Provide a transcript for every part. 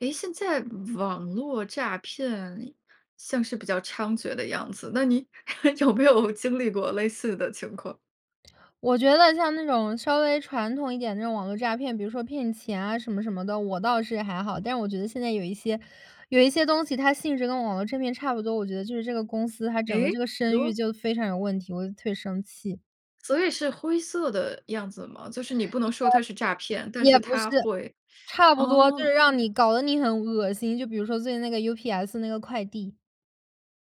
诶，现在网络诈骗，像是比较猖獗的样子，那你 有没有经历过类似的情况？我觉得像那种稍微传统一点的，那种网络诈骗，比如说骗钱啊什么什么的，我倒是还好。但是我觉得现在有一些有一些东西，它性质跟网络诈骗差不多，我觉得就是这个公司它整个诶，这比个声誉如？就非常有问题，我就特别生气。所以是灰色的样子吗？就是你不能说它是诈骗，但也是也不是，它会差不多，就哦。是让你搞得你很恶心，就比如说最近那个 UPS 那个快递。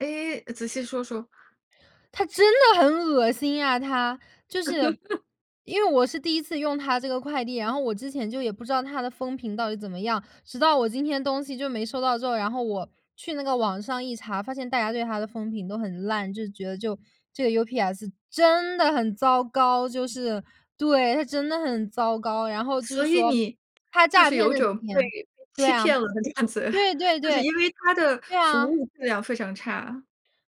诶，仔细说说。它真的很恶心啊它。就是 因为我是第1次用它这个快递，然后我之前就也不知道，它的风评到底怎么样。直到我今天东西就没收到之后，然后我去那个网上一查，发现大家对它的风评都很烂，就觉得就这个 UPS 真的很糟糕。就是，对，它真的很糟糕。然后就是所以说你，它就诈是骗有的种被钱被对欺啊，骗了的感觉，对对就是对，因为它的对服啊。务质量非常差。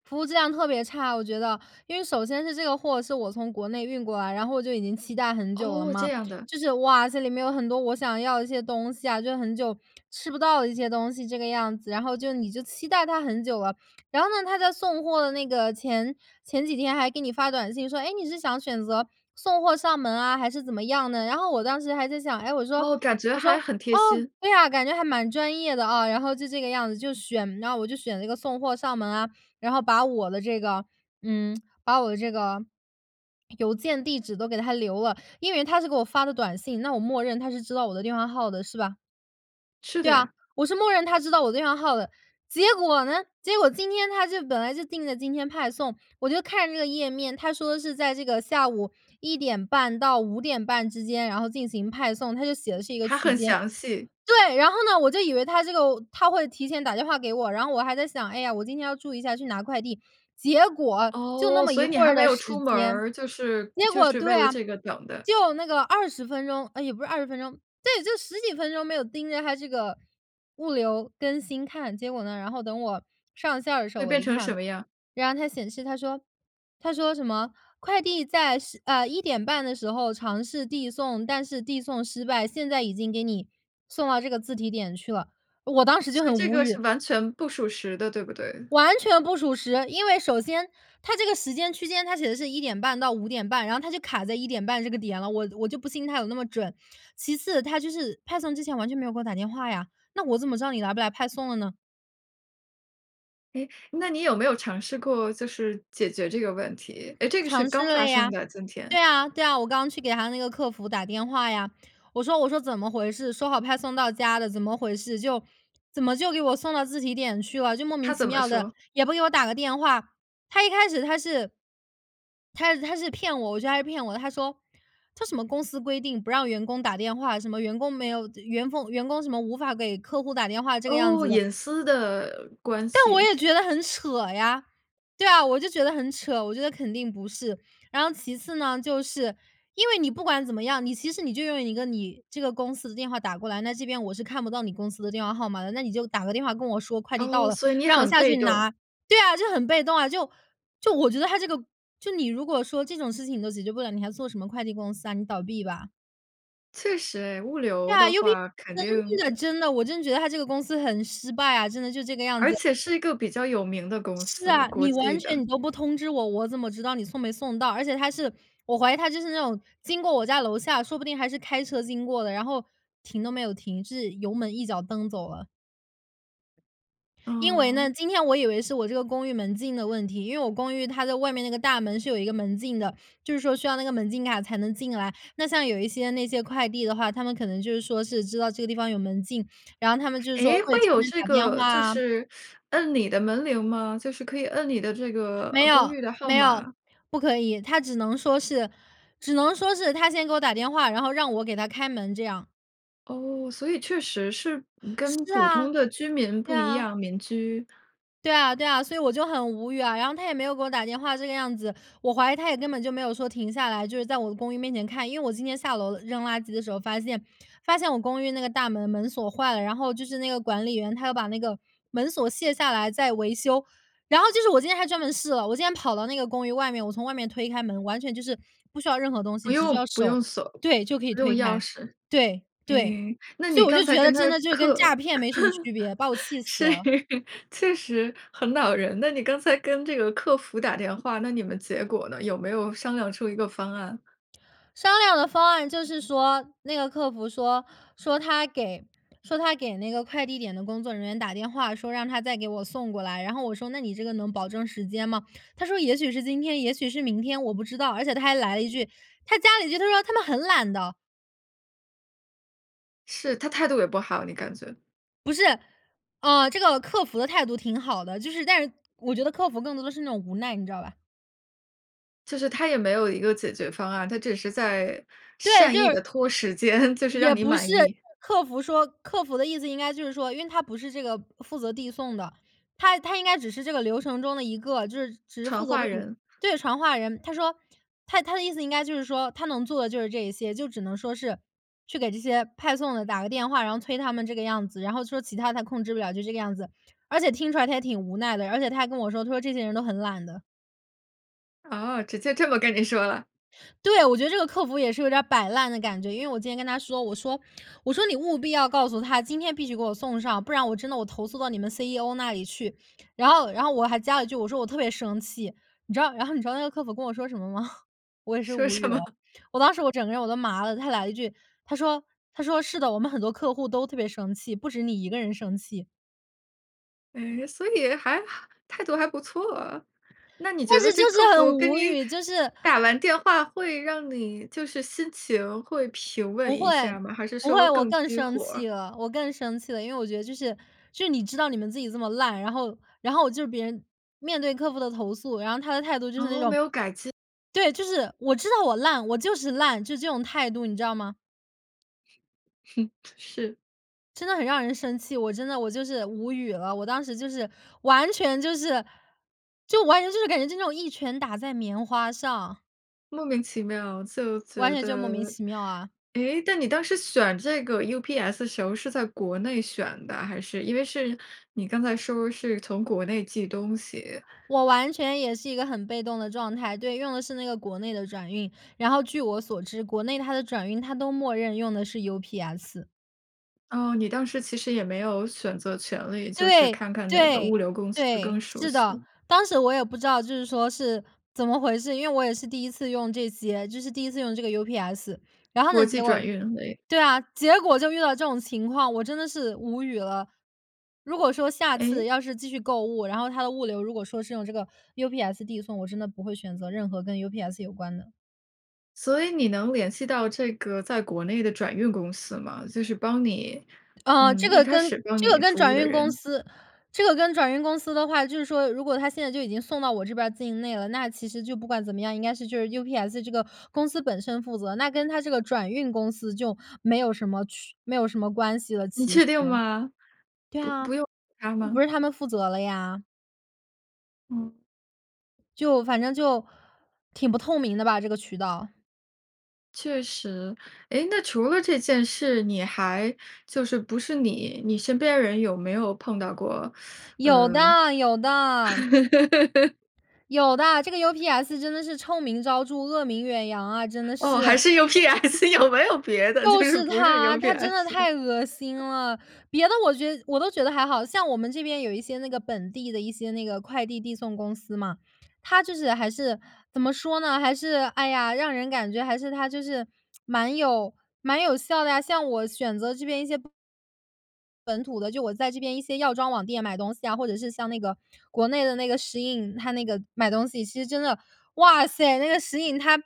服务质量特别差。我觉得，因为首先是这个货是我从国内运过来，然后我就已经期待很久了哦，这嘛。样的。就是，哇，这里面有很多我想要的一些东西啊，就很久吃不到的一些东西这个样子。然后就你就期待它很久了，然后呢，它在送货的那个前前几天还给你发短信说：“诶，你是想选择送货上门啊，还是怎么样呢？”然后我当时还在想，哎，我说哦，感觉我说，还很贴哦，心。对啊，感觉还蛮专业的啊。然后就这个样子就选，然后我就选了一个送货上门啊。然后把我的这个嗯，把我的这个邮件、地址都给它留了。因为它是给我发的短信，那我默认它是知道我的电话号的，是吧？是对的啊，呀。我是默认它知道我电话号的。结果呢，结果今天它就本来就定的今天派送，我就看这个页面，它说是在这个下午1:30到5:30之间，然后进行派送，它就写的是一个还区很间。详细。对！然后呢，我就以为它这个它会提前打电话给我，然后我还在想：“哎呀，我今天要注意下去拿快递。”结果，就那哦，么所一以你会还儿没的有时出门间。儿，就是结就果是为对了啊，这个等的。就那个20分钟。呃，也不是20分钟。对，就10几分钟没有盯着它这个，物流更新看。结果呢，然后等我上线儿的时候，会我变一成什看，么样儿？然后它显示它说它说什么“快递在时呃，1:30的时候尝试递送，但是递送失败，现在已经给你，送到这个自提点去了，“我当时就所以很这无个是语。完全不属实的，对不对？完全不属实。因为首先，它这个时间区间，它写的是1:30到5:30，然后它就卡在1:30这个点了，我我就不信它有那么准。其次，它就是派送之前完全没有给我打电话呀，那我怎么知道你来不来派送了呢？诶，那你有没有尝试过，就是解决这个问题？诶，这个是尝试刚了发呀。生的今对天？啊对啊，我刚去给他那个客服打电话呀。我说我说：“怎么回事，说好派送到家的，怎么回事，就怎么就给我送到自提点去了，就莫名他其怎么妙的，说？也不给我打个电话。”他一开始他是他他是骗我，我觉得他是骗我的。他说，这什么公司规定不让员工打电话，什么员工没有员工员工什么无法给客户打电话这个样哦，子的。隐私的关但我系。也觉得很扯呀，对啊，我就觉得很扯，我觉得肯定不是。然后其次呢，就是因为你不管怎么样，你其实你就用一个你这个公司的电话打过来，那这边我是看不到你公司的电话号码的，那你就打个电话跟我说快递到哦，了，所以你让我很下被去动。拿。对啊，就很被动啊。就就我觉得他这个就你如果说这种事情你都解决不了，你还做什么快递公司啊？你倒闭吧。确实，物对流呀的，UP 话肯那定。真的真的，我真的觉得它这个公司很失败啊，真的就这个样而子。且是一个比较有名的公是司，啊，国你际完全的。你都不通知我，我怎么知道你送没送到？而且他是我怀疑他就是那种，经过我家楼下，说不定还是开车经过的，然后停都没有停，是油门一脚蹬走了。因为呢，嗯。今天我以为是我这个公寓门禁的问题，因为我公寓它在外面那个大门是有一个门禁的，就是说需要那个门禁卡才能进来。那像有一些那些快递的话，他们可能就是说是知道这个地方有门禁，然后他们就是说诶，会会提有前这打电个话就啊。是 摁你的门铃吗？就是可以摁你的这没个公有寓的号没有，码？不可以。他只能说是只能说是他先给我打电话，然后让我给他开门这样。哦，所以确实是嗯，跟是普啊，通的居民对不一啊。样，民居。对啊，对啊，所以我就很无语啊。然后他也没有给我打电话这个样子，我怀疑他也根本就没有说停下来，就是在我的公寓面前看。因为我今天下楼扔垃圾的时候发现发现我公寓那个大门门锁坏了，然后就是那个管理员他要把那个门锁卸下来再维修。然后就是我今天还专门试了，我今天跑到那个公寓外面，我从外面推开门，完全就是不需要任何东不西，只需用要不手用锁，对，就可以不用推钥开。匙。对，对，诶，那所你以我刚就才觉跟得真他的就是跟客诈骗没什么区别，把我 气死是，了。确实很恼人的。那你刚才跟这个客服打电话，那你们结果呢？有没有商量出一个方案。商量的方案就是说那个客服说说他给说他给那个快递点的工作人员打电话，说让他再给我送过来。然后我说：“那你这个能保证时间吗？”他说：“也许是今天，也许是明天，我不知道。”而且他还来了一句他加了一句，他说：“他们很懒的！”是，他态度也不好，你感觉。不是，呃，这个客服的态度挺好的，就是但是我觉得客服更多的是那种无奈，你知道吧？就是他也没有一个解决方案，他只是在对，善就意是地拖时间，就是让也你不满是，意。客服说客服的意思应该就是说因为他不是这个负责递送的，他他应该只是这个流程中的一个，就是只是传负责这话种人。对，传话人。他说，他他的意思应该就是说他能做的就是这一些，就只能说是去给这些派送的打个电话，然后催他们这个样子，然后说其它他控制不了，就这个样子，而且听出来他也挺无奈的，而且他还跟我说，他说这些人都很懒的。哦，直接这么跟你说了。对，我觉得这个客服也是有点儿摆烂的感觉，因为我今天跟他说，我说我说：“你务必要告诉他今天必须给我送上，不然我真的我投诉到你们 CEO 那里去。“然后然后我还加了一句，我说：”我特别生气。“你知道，然后你知道那个客服跟我说什么吗？我也是说无语什了，么？我当时我整个人我都麻了，他来了一句，他说他说：“是的，我们很多客户都特别生气，不止你一个人生气。”诶，所以还哈态度还不错。那你觉但是得就这客是服很跟无你语，就是打完电话，会让你就是心情会平稳不会一下儿吗？还是不说会，我更更激生火儿？气了我更生气了。因为我觉得就是就是你知道你们自己这么烂，然后然后我就是别人面对客户的投诉，然后他的态度就是那哦，种没有改进。对，就是：“我知道我烂，我就是烂。“就这种态度，你知道吗？是。真的很让人生气，我真的我就是无语了。我当时就是完全就是就完全就是感觉就是那种一拳打在棉花上。莫名其妙就完觉全就莫名得。其妙啊。诶，那你当时选这个 UPS 的时候是在国内选的，还是？因为是你刚才说是从国内寄东西。我完全也是一个很被动的状态。对，用的是那个国内的转运。然后据我所知，国内它的转运它都默认用的是 UPS。哦，你当时其实也没有选择权利，就是对，看看哪个物对，流公司对，更熟是的。悉。当时我也不知道就是说是怎么回事，因为我也是第1次用这些，就是第1次用这个 UPS。然后呢国际结果转运，哎。对啊，结果就遇到这种情况。我真的是无语了。如果说下次诶？要是继续购物，然后它的物流，如果说是用这个 UPS 递送，我真的不会选择任何跟 UPS 有关的。所以你能联系到这个在国内的转运公司吗？就是帮你呃，这嗯，一个开跟始帮这个你跟服务转的运公人。司这个跟转运公司的话就是说如果它现在就已经送到我这边儿境内了，那其实就不管怎么样，应该是就是 UPS 这个公司本身负责，那跟它这个转运公司就没有什么去没有什么关系了你其确实。定吗？对不啊，不用它不吗？是他们负责了呀。嗯。就反正就挺不透明的吧，这个渠道。确实。诶，那除了这件事，你还就是不是你，你身边儿人有没有碰到过，有的有呃的。有的，这个 UPS 真的是臭名昭著，恶名远扬啊，真的哦，还是！是 UPS，有没有别的？就就是是不是它，它真的 UPS。太恶心了。别的我觉得我都觉得还好。像我们这边有一些那个本地的一些那个快递递送公司嘛，它就是还是怎么说呢，还是哎呀，让人感觉还是它就是，蛮有蛮有效的呀，像我选择这边一些本土的，就我在这边一些药妆网店买东西啊，或者是像那个国内的那个 SHEIN 它那个买东西其实真的哇塞，那个 SHEIN，它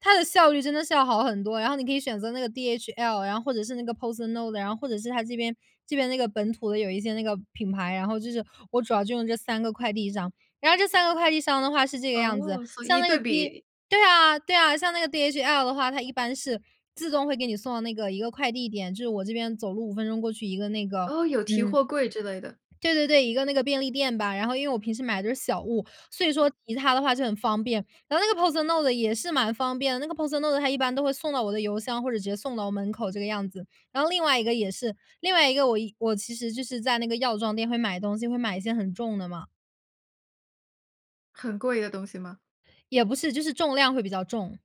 它的效率真的是要好很多，然后你可以选择那个 DHL，然后或者是那个 PostNord，然后或者是它这边这边那个本土的有一些那个品牌，然后就是我主要就用这3个快递商。然后这3个快递商的话是这个样子，哦，所以像一那对个 D 比对啊对啊，像那个 DHL 的话，它一般是自动会给你送到那个一个快递点，就是我这边走路5分钟过去一个那个哦，有提嗯。货柜之类的。对对对，一个那个便利店吧，然后因为我平时买的都是小物，所以说其实它的话就很方便。然后那个 PostNord 也是蛮方便的，那个 PostNord 它一般都会送到我的邮箱或者直接送到我门口这个样子。然后另外一个也是，另外一个我我其实就是在那个药妆店会买东西会买一些很重的嘛。很贵的东西吗？也不是，就是重量会比较重。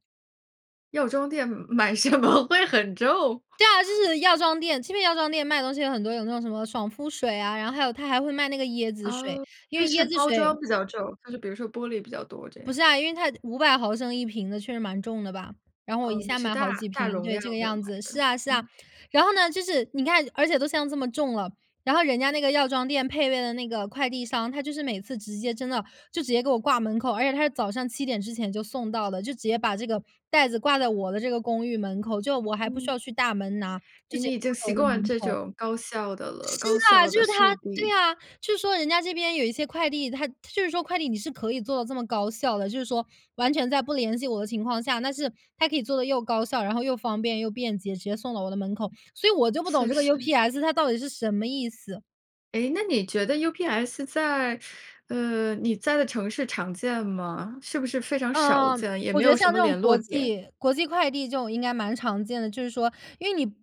药妆店买买什么会很重？对啊，就 是药妆店，这边药妆店卖的东西有很多有那种什么爽肤水啊，然后还有它还会卖那个椰子水，哦，因所为以是椰子包水装比较重，就是比如说玻璃比较多这不样。是啊，因为它500ml1瓶的确实蛮重的吧。然后我一噢，你下是买好大几大瓶，容对，量这个的样买子。是的。啊是啊，嗯。然后呢，就是你看而且都像这么重了，然后人家那个药妆店配备的那个快递箱，他就是每次直接真的就直接给我挂门口，而且他是早上7点之前就送到的，就直接把这个袋子挂在我的这个公寓门口，就我还不需嗯。要去大门拿，就哎，直接你已经挂到习我的惯门这口。种高效的了，是高啊，效就的是速它对递。啊，就是说人家这边有一些快递，它就是说快递你是可以做到这么高效的，就是说完全在不联系我的情况下，但是他可以做得又高效，然后又方便又便捷，直接送到我的门口。所以我就不懂确这个实。UPS 它到底是什么意思。诶，那你觉得 UPS 在呃，你在的城市常见吗？是不是非常少呃，见，也我没觉有得什像么这种联络国点？际国际快递这种应该蛮常见的。就是说因为你，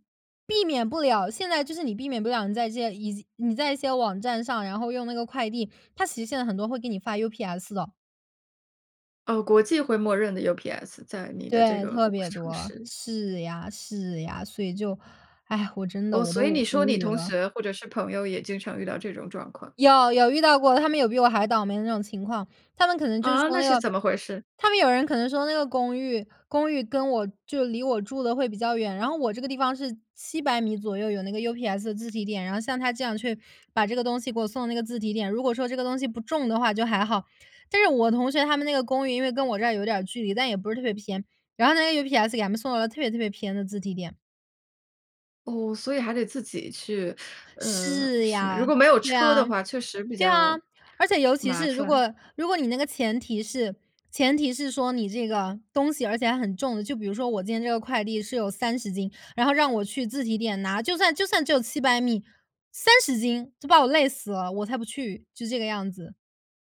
避免不了，现在就是你避免不了你在这些已经你在一些网站上，然后用那个快递，它其实现在很多会给你发 UPS 的。呃，国际会默认的- UPS 在你的这对，个特国别城多，市。是呀，是呀。所以就，唉，我真的哦，我所以你都说无你语同了。学或者是朋友也经常遇到这种状况。有有遇到过，他们有比我还倒霉的那种情况，他们可能就是啊，说那那是个怎么回事？他们有人可能说那个公寓，公寓跟我就离我住得会比较远，然后我这个地方是700米左右，有那个 UPS 的自提点，然后像它这样去把这个东西给我送到那个自提点，如果说这个东西不重的话就还好。但是我同学他们那个公寓因为跟我这儿有点儿距离，但也不是特别偏。然后那个 UPS 给他们送到了特别特别偏的自提点。哦，所以还得自己去，呃，是什么如呀，果没有对车啊，的话确实比对啊。较 而且尤其麻是如烦。果如果你那个前提是前提是说你这个东西而且还很重的，就比如说我今天这个快递是有30斤，然后让我去自提点拿。就算就算只有700米，30斤就把我累死了，我才不去，就这个样子，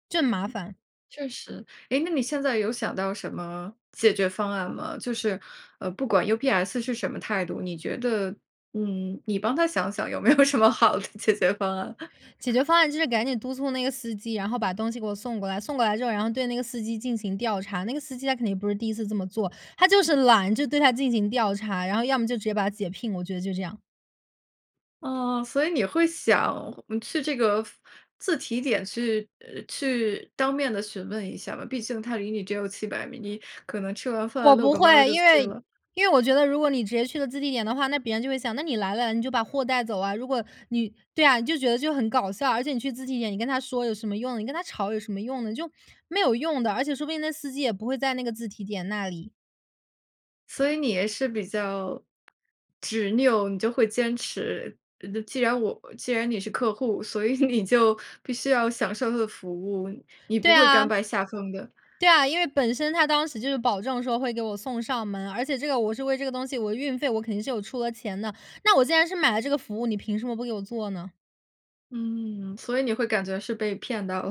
就很麻烦。确实，诶，那你现在有想到什么解决方案吗？就是，呃，不管 UPS 是什么态度，你觉得，嗯，你帮他想想有没有什么好的解决方案。解决方案就是赶紧督促那个司机，然后把东西给我送过来，送过来之后然后对那个司机进行调查。那个司机他肯定不是第一次这么做，他就是懒，就对他进行调查，然后要么就直接把他解聘，我觉得就这样。哦，所以你会想，呃，去这个服自提点去，呃，去当面地询问一下吗？毕竟它离你只有700米，你可能吃完饭我遛不个弯儿会，就因去为了。因为我觉得如果你直接去了自提点的话，那别人就会想：“那你来了你就把货带走啊。”如果你对啊，你就觉得就很搞笑，而且你去自提点，你跟他说有什么用，你跟他吵有什么用呢？就没有用的，而且说不定那司机，也不会在那个自提点那里。所以你也是比较，执拗，你就会坚持。呃，这既然我既然你是客户，所以你就必须要享受它的服务，你不对会甘啊。拜下风的。对啊，因为本身它当时就是保证说会给我送上门，而且这个我是为这个东西，我运费我肯定是有出了钱的。那我既然是买了这个服务，你凭什么不给我做呢？嗯，所以你会感觉是被骗到了。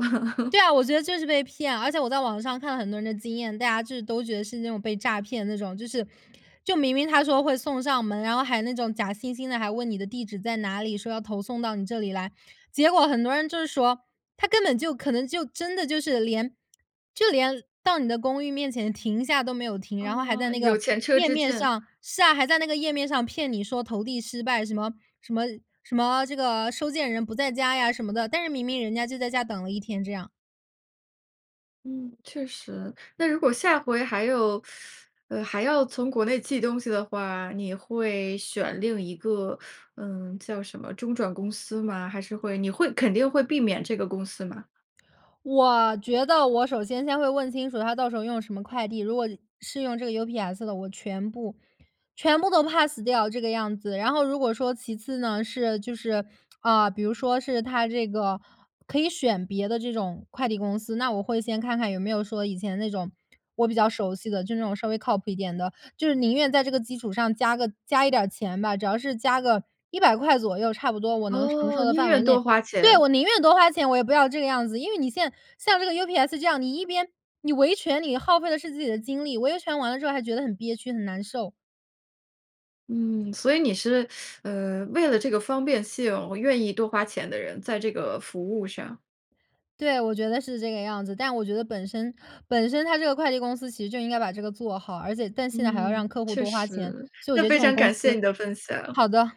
对 啊，我觉得就是被骗。而且我在网上看了很多人的经验，大家就是都觉得是那种被诈骗的那种，就是就明明他说会送上门，然后还那种假惺惺地，还问你的地址在哪里，说要投送到你这里来。结果很多人就是说，它根本就可能就真的就是连就连到你的公寓面前停下都没有停，然后还在哦，那有个前车页之面鉴。上是啊，还在那个页面上骗你说投递失败。什么什么什么这个收件人不在家呀什么的，但是明明人家就在家等了1天，这样。嗯，确实。那如果下回还有 呃，还要从国内寄东西的话，你会选另一个，嗯叫什么中转公司吗？还是会你会肯定会避免这个公司吗？我觉得我首先先会问清楚他到时候用什么快递，如果是用这个 UPS 的，我全部全部都 Pass 掉这个样子。然后如果说其次呢，是就是，啊，比如说是他这个可以选别的这种快递公司，那我会先看看有没有说以前那种我比较熟悉的，就是那种稍微靠谱一点的，就是宁愿在这个基础上加个加一点儿钱吧，只要是加个$100左右差不多我能承受哦，的宁范围愿内多花对，钱。我宁愿多花钱，我也不要这个样子！因为你现像这个 UPS 这样，你一边你维权你耗费的是自己的精力，维权完了之后还觉得很憋屈，很难受。嗯，所以你是，呃，为了这个方便性，我愿意多花钱的人，在这个服务上。对，我觉得是这个样子。但我觉得本身本身它这个快递公司其实就应该把这个做好，而且但现在还要嗯，让客户确多花钱，实，所以我那觉得这非种常公感司谢你的分享。好的。